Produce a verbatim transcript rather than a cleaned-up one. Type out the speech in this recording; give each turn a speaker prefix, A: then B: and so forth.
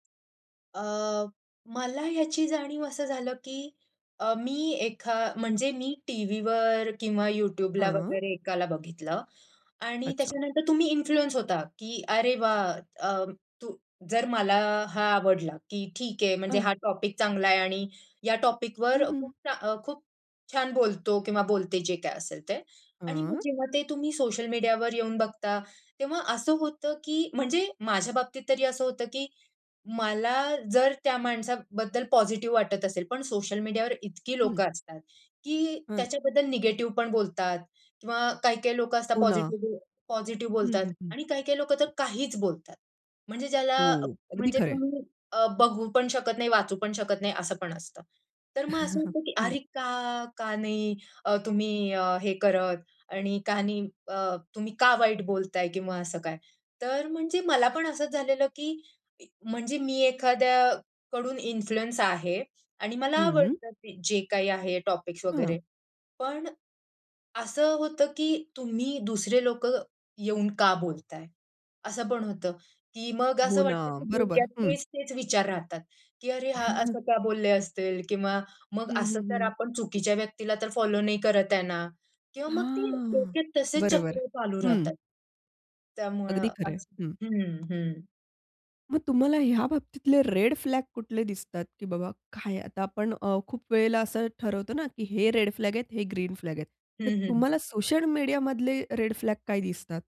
A: अ, मला याची जाणीव असं झालं, की अ, मी एखा म्हणजे मी टीव्हीवर किंवा YouTubeला
B: हं.
A: वगैरे एकाला बघितलं आणि
B: अच्छा.
A: त्याच्यानंतर तुम्ही इन्फ्लुअन्स होता, की "अरे वाह!" अ, तू जर मला हा आवडला, की ठीक आहे म्हणजे
B: अह.
A: हा टॉपिक चांगला आहे आणि या टॉपिकवर
B: हं, हं.
A: खूप चा अ, खूप छान बोलतो किंवा बोलते जे काही असेल ते. आणि मग
B: हम्म.
A: जेव्हा ते तुम्ही सोशल मीडियावर येऊन बघता, तेव्हा असं होतं की म्हणजे माझ्या बाबतीत तरी असं होत, की मला जर त्या माणसाबद्दल पॉझिटिव्ह वाटत असेल पण सोशल मीडियावर इतकी
B: हं.
A: लोकं असतात, की
B: हं.
A: त्याच्याबद्दल निगेटिव्ह पण बोलतात किंवा काही-काही लोकं असतात
B: हो, ना.
A: पॉझिटिव्ह पॉझिटिव्ह
B: हं,
A: बोलतात
B: हं, हं.
A: आणि काही-काही लोकं तर काहीच बोलतात, म्हणजे ज्याला
B: हो, अगदी
A: म्हणजे
B: खरंय.
A: तुम्ही अ, बघू पण शकत नाही, वाचू पण शकत नाही असं पण असतं. तर मग असं वाटतं की
B: हं.
A: "अरे का? का नाही? अ, तुम्ही अ, हे करत आणि का नाही अ, तुम्ही का वाईट बोलताय किंवा असं काय?" तर म्हणजे मला पण असंच झालेलं की म्हणजे मी एखाद्याकडून इन्फ्लुअन्स आहे आणि मला
B: हं.
A: आवडतं की जे काही आहे टॉपिक्स
B: हां.
A: वगैरे. पण, असं होतं की तुम्ही दुसरे लोकं येऊन का बोलताय? असं पण होतं की मग
B: हो
A: असं
B: ना.
A: वाटतं की
B: बरोबर.
A: डोक्यात
B: हं.
A: तेच-तेच विचार राहतात, की अरे हा असं का बोलले असतील? किंवा मग
B: हं, हं,
A: असं तर
B: हं.
A: आपण चुकीच्या व्यक्तीला तर फॉलो नाही करत आहे ना? किंवा मग ते
B: हां
A: डोक्यात तसेच
B: बरोबर.
A: चक्र चालू
B: हं.
A: राहतात. त्यामुळं
B: अगदी खरंय.
A: असं.
B: हं.
A: हं, हं.
B: मग तुम्हाला ह्या बाबतीतले रेड फ्लॅग कुठले दिसतात? की बाबा काय आता आपण अ, खूप वेळेला असं ठरवतो ना की हे रेड फ्लॅग आहेत, हे ग्रीन फ्लॅग आहेत.
A: हं,
B: तर
A: हं.
B: तुम्हाला सोशल मीडियामधले रेड फ्लॅग काय दिसतात?